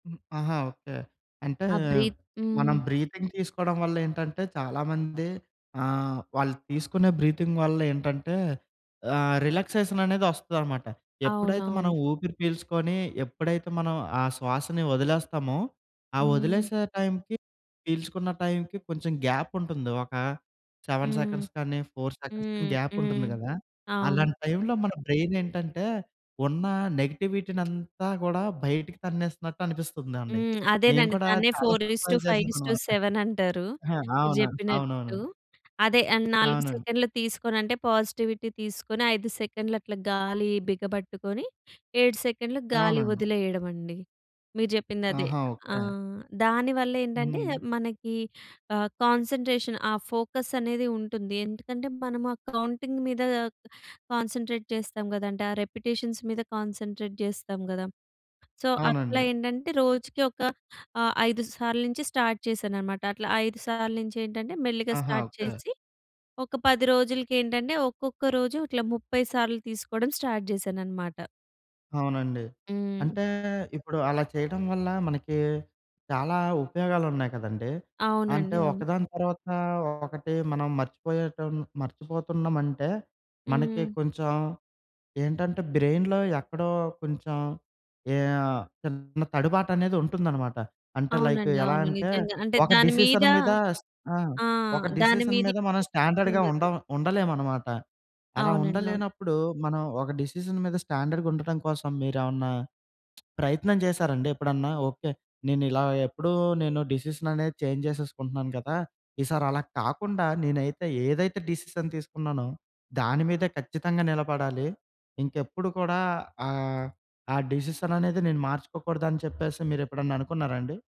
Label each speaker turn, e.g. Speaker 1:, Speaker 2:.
Speaker 1: హ్మ్. ఆహా! ఓకే. అంటే
Speaker 2: ఆ బ్రీత్
Speaker 1: మనం
Speaker 2: హ్మ్.
Speaker 1: బ్రీతింగ్ తీసుకోవడం వల్లేంటంటే, చాలామంది ఆహ్, వాళ్ళు తీసుకునే బ్రీతింగ్ వల్లేంటంటే, ఆ రిలాక్సేషన్ అనేది వస్తదన్నమాట. ఎప్పుడైతే మనం
Speaker 2: అవునవును.
Speaker 1: ఊపిరి పీల్చుకొని, ఎప్పుడైతే మనం ఆ శ్వాసని వదిలేస్తామో ఆ
Speaker 2: హ్మ్.
Speaker 1: వదిలేసే టైంకి పీల్చుకున్న టైంకి కొంచెం గ్యాప్ ఉంటుంది. ఒక 7
Speaker 2: హ్మ్.
Speaker 1: సెకండ్స్ కానీ, 4 సెకండ్స్ కానీ
Speaker 2: హ్మ్.
Speaker 1: గ్యాప్ ఉంటుంది
Speaker 2: హ్మ్.
Speaker 1: కదా!
Speaker 2: అవును.
Speaker 1: అలాంటి టైంలో మన బ్రెయిన్ ఏంటంటే, ఉన్న నెగటివిటీ‌నంతా కూడా బయటికి తన్నేస్తున్నట్టు అనిపిస్తుందండి.
Speaker 2: హ్మ్.
Speaker 1: నేను
Speaker 2: అదేనండి.
Speaker 1: కూడా
Speaker 2: దాన్నే ఫోర్
Speaker 1: చాలాసార్లు
Speaker 2: is
Speaker 1: try
Speaker 2: to five is to
Speaker 1: చేశానన్నమాట.
Speaker 2: సెవెన్ అంటారు.
Speaker 1: ఆహా!
Speaker 2: మీరు
Speaker 1: అవును. అవునవును.
Speaker 2: చెప్పినట్టు. అదే! ఆ 4
Speaker 1: అవునండి.
Speaker 2: సెకన్లు తీసుకొనంటే, పాజిటివిటీ తీసుకొని 5 సెకన్లు అట్లా గాలి బిగబట్టుకొని, 7 సెకండ్లు గాలి
Speaker 1: అవునండి.
Speaker 2: వదిలేయడమండి. మీరు చెప్పిందదే.
Speaker 1: ఆహా!
Speaker 2: ఆ!
Speaker 1: ఓకే.
Speaker 2: దానివల్ల ఏంటంటే
Speaker 1: హ్మ్.
Speaker 2: మనకి ఆహ్, కాన్సంట్రేషన్ ఆ ఫోకస్ అనేది ఉంటుంది. ఎందుకంటే, మనము ఆ కౌంటింగ్ మీద కాన్సంట్రేట్ చేస్తాం కదండీ! ఆ రిపిటిషన్స్ మీద కాన్సంట్రేట్ చేస్తాం కదా! సో, అట్లా
Speaker 1: అవునండి.
Speaker 2: ఏంటంటే, రోజుకి ఒక ఆహ్, 5 సార్లు నుంచి స్టార్ట్ చేశానన్నమాట. అట్లా 5 సార్లు నుంచి ఏంటంటే మెల్లిగా
Speaker 1: ఆహా!
Speaker 2: Start
Speaker 1: okay.
Speaker 2: చేసి, ఒక 10 రోజులకి ఏంటంటే ఒక్కొక్క రోజు ఇట్లా 30 సార్లు తీసుకోవడం స్టార్ట్ చేశానన్నమాట.
Speaker 1: అవునండి.
Speaker 2: హ్మ్.
Speaker 1: అంటే ఇప్పుడు అలా చేయడం వల్ల, మనకి చాలా ఉపయోగాలున్నాయి కదండీ! అంటే,
Speaker 2: అవునండి. అవును.
Speaker 1: ఒకదాని తర్వాత ఒకటి మనం మర్చిపోయేటం మర్చిపోతున్నామంటే, మనకి
Speaker 2: హ్మ్.
Speaker 1: కొంచెం ఏంటంటే బ్రెయిన్‌లో ఎక్కడో కొంచెం ఏ ఆహ్, చిన్న తడుబాటనేది ఉంటుందన్నమాట. అంటే, లైకు
Speaker 2: అవునండి.
Speaker 1: ఎలా
Speaker 2: అవును.
Speaker 1: అంటే
Speaker 2: నిజంగా. అంటే,
Speaker 1: ఒక
Speaker 2: దాని మీద
Speaker 1: డిసిషన్ మీద ఆ!
Speaker 2: ఆ!
Speaker 1: ఒక
Speaker 2: దాని
Speaker 1: డిసిషన్
Speaker 2: మీద
Speaker 1: మీద మనం
Speaker 2: ఇంట్రెస్ట్
Speaker 1: స్టాండర్డ్‌గా
Speaker 2: ఉండదు.
Speaker 1: ఉండ ఉండలేమన్నమాట. అలా
Speaker 2: అవునండి. అవును.
Speaker 1: ఉండలేనప్పుడు, మనం ఒక డిసిషన్ మీద స్టాండర్డ్‌గా ఉండటం కోసం మీరేమన్నా ప్రయత్నం చేశారండి? ఎప్పుడన్నా ఓకే, నేనిలా ఎప్పుడూ నేను డిసిషననేది చేంజ్ చేసేసుకుంటున్నాను కదా, ఈసారి అలా కాకుండా నేనైతే ఏదైతే డిసిషన్ తీసుకున్నానో, దాని మీద ఖచ్చితంగా నిలబడాలి. ఇంకెప్పుడు కూడా ఆహ్, ఆ డిసిషననేది నేను మార్చుకోకూడదని చెప్పేసి మీరెప్పుడైనా అనుకున్నారా అండి?